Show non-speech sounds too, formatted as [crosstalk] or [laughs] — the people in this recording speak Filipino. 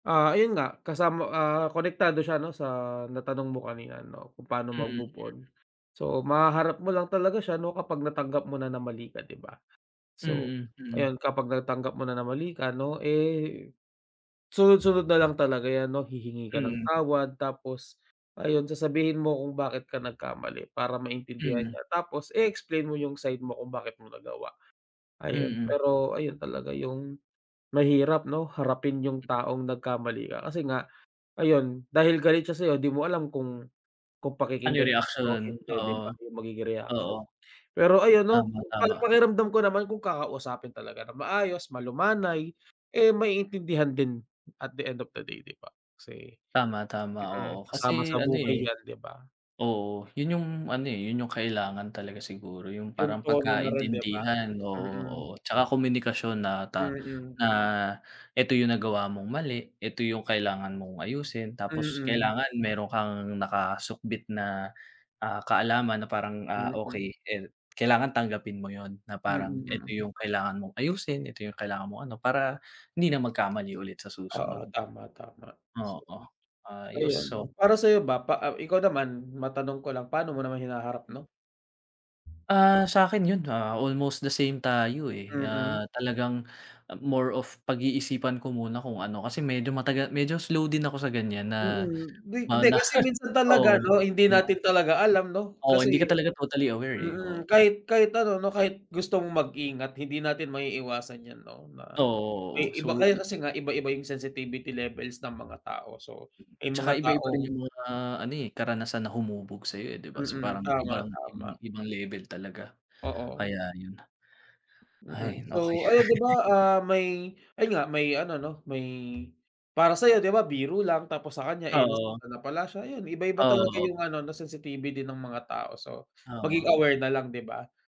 Ah, ayun nga kasama, ah, konektado siya no sa natanong mo kanina no kung paano mag Mm. move on, so mahaharap mo lang talaga siya no kapag natanggap mo na na mali ka di ba? So Mm, mm. ayun kapag natanggap mo na na mali ka no, eh, sunod sunod na lang talaga yan no hihingi ka ng Mm. tawad, tapos ayun sasabihin mo kung bakit ka nagkamali. Para maintindihan Mm. niya, tapos eexplain mo yung side mo kung bakit mo nagawa, ayun Mm. pero ayun talaga yung mahirap no, harapin yung taong nagkamali ka kasi nga ayon dahil galit siya sayo di mo alam kung kung Ano pakikinggan yung ka ba o reaksyon hindi di oo, ba yung magiging oo, reaction. Pero ayan no, tama, tama. parang pakiramdam ko naman kung kakausapin talaga ng maayos malumanay, eh, maiintindihan din at the end of the day di ba kasi, Tama, tama. mm, Oo kasama kasi sa ano, buhay eh, yan di ba? oo yun yung ano, eh, yun yung kailangan talaga siguro yung Yung parang tono na rin di ba? pagkaintindihan, oo, Mm. oo. Tsaka komunikasyon na ta Mm. na eto yung nagawa mong mali, eto yung kailangan mong ayusin tapos Mm. kailangan meron kang nakasukbit na, ah, kaalaman na parang, ah, okey, Mm. eh, kailangan tanggapin mo. Yun na parang Mm, eto mm. yung kailangan mong ayusin, ito yung kailangan mong ano. Para hindi na magkamali ulit sa Oo, susunod, tama, tama. So, oo ayun ayus oh. no, para sayo ba pa Ikaw naman matanong ko lang. Paano mo naman hinaharap no? Ah, sakin yun ha almost the same tayo, eh. Mm. Ah, talagang more of pag-iisipan ko muna kung ano kasi medyo matagal medyo slow din ako sa ganyan na Mm, hindi di, na kasi minsan talaga oo, ano hindi di ba? natin talaga alam no Oo kasi, hindi ka talaga totally aware, eh, mm. oh. Kahit kahit ano no kahit gusto mong mag-ingat hindi natin maiiwasan yan no, na may Oo, oo, iba so kaya yi. kasi nga iba iba yung sensitivity levels ng mga tao so may Tsaka mga iba iba rin taong yung mga ano, eh, karanasan na humubog sayo, eh, di ba so Mm, parang tama ibang, tama. ibang level talaga Oo. kaya yun na. Mm, Ay okey. so ayun di ba, [laughs] ah, may ayun nga may ano no may para sayo di ba biro lang tapos sa kanya, eh, Oo. nasaktan na pala siya ayan iba iba Oh, talaga oo. yung ano na sensitive din ng mga tao so maging Oo. aware nalang di ba?